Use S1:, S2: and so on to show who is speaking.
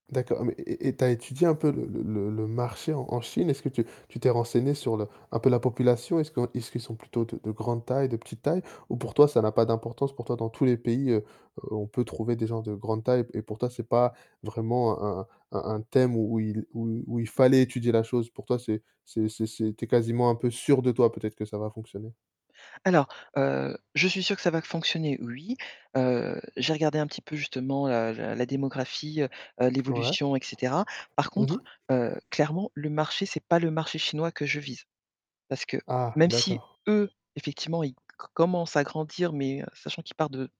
S1: D'accord mais et et et tu as étudié un peu le le le le marché en en Chine? Est-ce que tu tu t'es renseignée sur le un peu la population? Est-ce qu'on est-ce qu'ils sont plutôt de de grande taille? De petite taille? Ou pour toi ça n'a pas d'importance? Pour toi dans tous les pays, heu, heu, on peut trouver des gens de grande taille p et pour toi c'est pas vraiment un un un un un thème où il où où il fallait étudier la chose? Pour toi c'est c'est c'est c'est tu es quasiment un peu sûre de toi peut-être que ça va fonctionner?
S2: Alors, heu, je suis sûre que ça va fonctionner, oui. Heu, j'ai regardé un petit peu justement, heu, la la démographie, heu, heu,
S1: Ouais.
S2: l'évolution, et cetera. Par
S1: Mmh mh.
S2: contre, heu, clairement, le marché, c'est pas le marché chinois que je vise. Parce que,
S1: Ah.
S2: même si,
S1: D'accord.
S2: eux effectivement, ils co commencent à grandir mais sachant qu'ils partent de